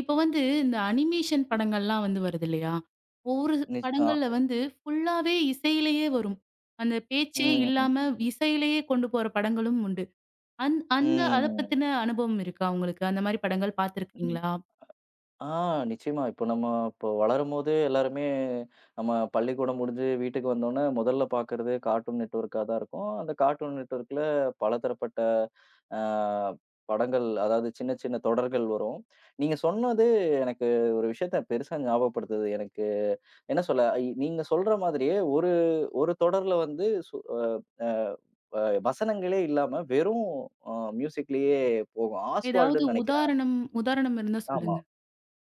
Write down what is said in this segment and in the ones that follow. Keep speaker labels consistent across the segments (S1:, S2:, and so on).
S1: இப்ப வந்து இந்த அனிமேஷன் படங்களெல்லாம் வந்து வருது இல்லையா? ஒரு து
S2: நிஷ் ஆ
S1: படங்கள்ல வந்து ஃபுல்லாவே இசையிலேயே வரும். அந்தப் பேச்சே
S2: ம்.
S1: இல்லாம இசையிலேயே கொண்டு போற படங்களும் உண்டு. அந் அந்த அதப்
S2: ம்.
S1: பத்தின அனுபவம் இருக்கா உங்களுக்கு? அந்த மாரி படங்கள்
S2: ம்.
S1: பார்த்திருக்கீங்களா?
S2: ஆ, நிச்சியமா. இப்ப நம்ம இப்ப வளரும்போதே எல்லாருமே நம்ம பள்ளிக்கூடம் முடிஞ்சு வீட்டுக்கு வந்தவுடனே, முதல்ல பாக்குறது கார்ட்டூன் நெட்ஒர்க்கா தான் இருக்கும். அந்தக் கார்ட்டூன் நெட்ஒர்க்குல பலதரப்பட்ட, அ படங்கள் அதாவது சின்ன, சின்ன தொடர்கள் வரும். நீங்கச் சொன்னது எனக்கு ஒரு விஷயத்தப் பெரிசா ஞாபகப்படுத்துது. எனக்கு என்ன சொல்ல இ நீங்கச் சொல்ற மாதிரியே ஒரு ஒரு தொடர்ல வந்து, சு அ எப் அ இப்ப வசனங்களே இல்லாம, வெறும் அ மியூசிக்லயே போகும்.
S1: ஏதாவது
S2: ஆஸ்வால்டுன்னு நெனைக்கிறேன்.
S1: உதாரணம் உதாரணம் இருந்தா
S2: ஆமா.
S1: சொல்லுங்க.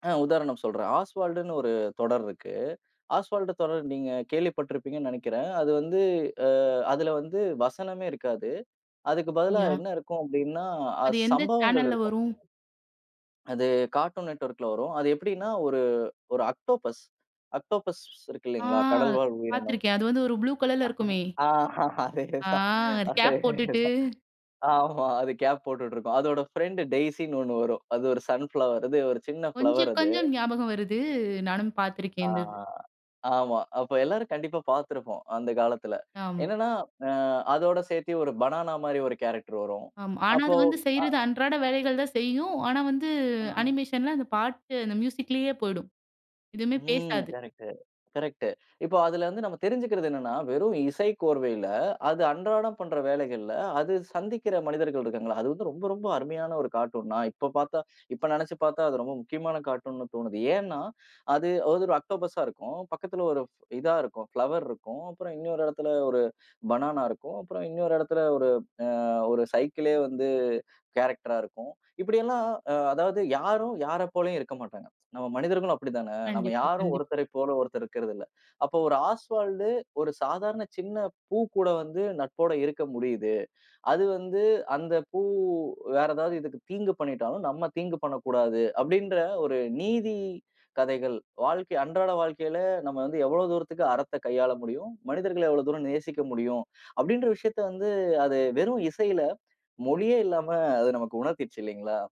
S2: அ, உதாரணம் சொல்றேன். ஆஸ்வால்டுன்னு ஒரு தொடர் இருக்கு. ஆஸ்வால்டு தொடர் நீங்கக் கேள்விப்பட்டிருப்பீங்கன்னு நெனைக்கிறேன். அது வந்து அ அதுல வந்து வசனமே இருக்காது. அதுக்கு பதிலா
S1: அப்டியா?
S2: என்ன இருக்கும் அப்டின்னா, அ
S1: அது எந்த
S2: சம்பவங்கள்
S1: சேனல்ல
S2: இருக்கும்.
S1: வரும்?
S2: அது கார்ட்டூன் நெட்ஒர்க்குல வரும். அது எப்டின்னா ஒரு ஒரு ஆக்டோபஸ் ஆக்டோபஸ் இருக்கு
S1: ஆ,
S2: இல்லீங்களா. கடல்வாழ் உயிரினம்.
S1: பார்த்திருக்கேன். அது வந்து ஒரு ப்ளூ கலர்ல இருக்குமே.
S2: அஹ, அதே தான்
S1: ஆஹ் அது
S2: அதே
S1: கேப் போட்டுட்டு
S2: தான். ஆமா அது கேப் போட்டுட்டு இருக்கும். அதோட ஃப்ரண்ட்டு டெய்சின்னு ஒண்ணு வரும். அது ஒரு சன் ஃபிளவர். அது ஒரு சின்ன
S1: கொஞ்சி
S2: ஃபிளவர் அது.
S1: கொஞ்சம் ஞாபகம் வருது. நானும்
S2: அ,
S1: பார்த்திருக்கேன் இந்த இது.
S2: ஆமா. அப்ப எல்லாரும் கண்டிப்பா பாத்துருப்போம், அந்தக் காலத்துல.
S1: ஆம்.
S2: என்னன்னா அ அதோட சேத்தி ஒரு பனானா மாரி ஒரு கேரக்டர் வரும்.
S1: ஆமா. ஆனா
S2: அப்போ
S1: அது வந்து
S2: அ
S1: செய்றது அன்றாட வேலைகள் தான் செய்யும். ஆனா வந்து
S2: ஆ.
S1: அனிமேஷன்ல அந்தப் பாட்டு அந்த மியூசிக்லேயே போயிடும். எதுவுமே
S2: ம்.
S1: பேசாது.
S2: கரெக்ட்டு, கரெக்ட்டு இப்போ அதுல வந்து நம்ம தெரிஞ்சுக்கிறது என்னன்னா, வெறும் இசைக்கோர்வையில அது அன்றாடப் பண்ற வேலைகள்ல, அது சந்திக்கிற மனிதர்கள் இருக்காங்கள, அது வந்து ரொம்ப ரொம்ப அருமையான ஒரு கார்ட்டூன். நான் இப்போ பாத்தா இப்போ நெனைச்சு பாத்தா அது ரொம்ப முக்கியமான கார்ட்டூன்ன்னு தோணுது. ஏன்னா, அது ஒரு ஆக்டோபஸா இருக்கும். பக்கத்துல ஒரு இதா இருக்கும், பிலோவேர் இருக்கும். அப்புறம் இன்னொரு இடத்துல ஒரு பனானா இருக்கும். அப்புறம் இன்னொரு இடத்துல ஒரு அ ஒரு சைக்கிள்லே வந்து கேரக்டரா இருக்கும். இப்டியேல்லாம் அ அதாவது யாரும், யாரை போலவும் இருக்க மாட்டாங்க. நம்ம மனிதர்களும் அப்டித்தானே. நம்ம
S1: கண்டிப்பா
S2: யாரும்
S1: கண்டிப்
S2: ஒருத்தரை போல ஒருத்தர் இருக்குறது இல்ல. அப்ப ஒரு ஆஸ்வால்டு ஒரு சாதாரண சின்னப் பூ கூட வந்து நட்போட இருக்க முடியுது. அது வந்து அந்தப் பூ வேற ஏதாவது இதுக்கு தீங்கு பண்ணிட்டாலும், நம்ம தீங்கு பண்ணக்கூடாது அப்டின்ற ஒரு நீதி கதைகள் வாழ்க்கை அன்றாட வாழ்க்கையில நம்ம வந்து எவ்ளோ தூரத்துக்கு அறத்த கையாள முடியும், மனிதர்கள எவ்ளோ தூரம் நேசிக்க முடியும் அப்டின்ற விஷயத்த வந்து, அது வெறும் இசையில மொழியே இல்லாம அது நமக்கு உணர்த்திச்சு இல்லீங்களா?